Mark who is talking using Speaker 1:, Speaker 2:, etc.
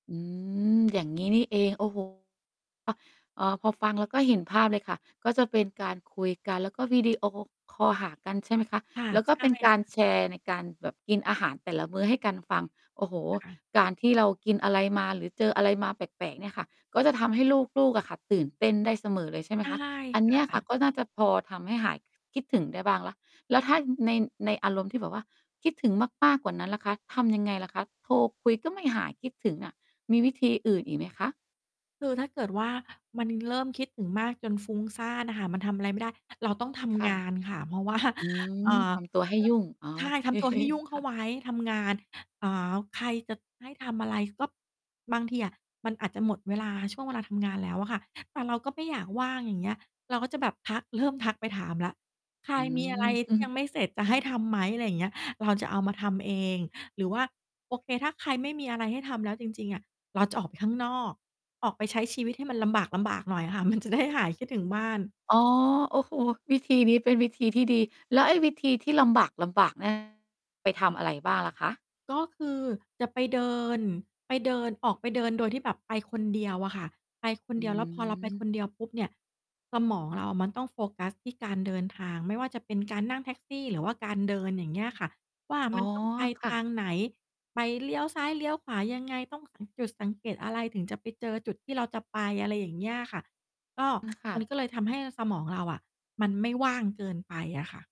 Speaker 1: อืม อย่างงี้นี่เอง โอ้โฮ เอ่อ พอฟังแล้วก็เห็นภาพเลยค่ะ ก็จะเป็นการคุยกัน แล้วก็วิดีโอคอลหากันใช่ไหมคะ?
Speaker 2: ค่ะ
Speaker 1: แล้วก
Speaker 2: ใช
Speaker 1: ็เป
Speaker 2: ่
Speaker 1: ็นกา
Speaker 2: ค
Speaker 1: ร
Speaker 2: ่ะ
Speaker 1: แชร์ในการแบบกินอาหารแต่ละมื้อให้กันฟัง โอ้โฮ
Speaker 2: ค่ะ
Speaker 1: การ ที่เรากินอะไรมา หรือเจออะไรมาแปลก ๆ เนี่ยค่ะ ก็จะทำให้ลูก ๆ อะค่ะ ตื่นเต้นได้เสมอเลยใช่ไหม
Speaker 2: ใช่
Speaker 1: คะ? อัน
Speaker 2: ค
Speaker 1: เน
Speaker 2: ่
Speaker 1: ี้ยค่ะ
Speaker 2: ะ
Speaker 1: ก็น่าจะพอทำให้หายคิดถึงได้บ้างแล้ว แล้วถ้า ใน ในอารมณ์ที่แบบว่าคิดถึงมาก ๆ กว่านั้นล่ะคะ ทำยังไงล่ะคะ โทรคุย ก็ไม่หายคิดถึงอะ มีวิธีอื่นอีกไหมคะ?
Speaker 2: คือถ้าเกิดว่า มันเริ่มคิดถึงมากจนฟุ้งซ่านอะค่ะ มันทำอะไรไม่ได้ เราต้องท
Speaker 1: ค
Speaker 2: ำ
Speaker 1: ่ะ
Speaker 2: งานค่ะ เพราะ ว่า
Speaker 1: อื
Speaker 2: เอ
Speaker 1: ม
Speaker 2: ่อ
Speaker 1: ทำตัวให้ยุ่ง โอ
Speaker 2: เรื่อง ใช่
Speaker 1: เค
Speaker 2: ทำตัวให้ยุ่งเ
Speaker 1: ค
Speaker 2: ข้า
Speaker 1: ่ะ
Speaker 2: ไว้ ทำงาน อ่า ใครจะให้ทำอะไร ก็บางทีอะมันอาจจะหมดเวลาช่วงเวลาทำงานแล้วอะค่ะ แต่เราก็ไม่อยากว่าง อย่างเงี้ย เราก็จะแบบทัก เริ่มทักไปถามแล้ว "ใคร
Speaker 1: อื
Speaker 2: มีอะไ
Speaker 1: ม
Speaker 2: ร
Speaker 1: อ
Speaker 2: ท
Speaker 1: ื
Speaker 2: ี่
Speaker 1: อ
Speaker 2: ยังไม่เสร็จจะให้ทำไหม?" อะไรอย่างเงี้ย เราจะเอามาทำเอง หรือว่า โอเค ถ้าใครไม่มีอะไรให้ทำแล้วจริง ๆ อะ เราจะออกไปข้างนอก ออกไปใช้ชีวิตให้มันลำบาก ๆ หน่อยอะค่ะ มัน จะ ได้หายคิดถึงบ้าน
Speaker 1: อ๋อ โอ้โฮ วิธีนี้เป็นวิธีที่ดี แล้วไอ้วิธีที่ลำบาก ๆ เนี่ย ไปทำอะไรบ้างล่ะคะ?
Speaker 2: ก็คือจะไปเดิน ไปเดิน ออกไปเดินโดยที่แบบไปคนเดียวอะค่ะ ไปคน
Speaker 1: อื
Speaker 2: เดียวแล้วพอ เราไปค
Speaker 1: ม
Speaker 2: นเดียวปุ๊บเนี่ย สมองเรามันต้องโฟกัสที่การเดินทาง ไม่ว่าจะเป็นการนั่งแท็กซี่ หรือว่าการเดิน อย่างเงี้ยค่ะว่า
Speaker 1: อ
Speaker 2: ม
Speaker 1: ๋
Speaker 2: ั
Speaker 1: อ
Speaker 2: น ต้อง ไป
Speaker 1: ค
Speaker 2: ท
Speaker 1: ่ะ
Speaker 2: างไหน ไปเลี้ยวซ้าย เลี้ยวขวายังไง ต้องสัง จุดสังเกตอะไร ถึงจะไปเจอจุดที่เราจะไป อะไรอย่างเงี้ยค่ะ ก็
Speaker 1: อือ ค่
Speaker 2: มัน
Speaker 1: ะ
Speaker 2: ก็เลยทำให้สมองเราอะ มันไม่ว่างเกินไปอะค่ะ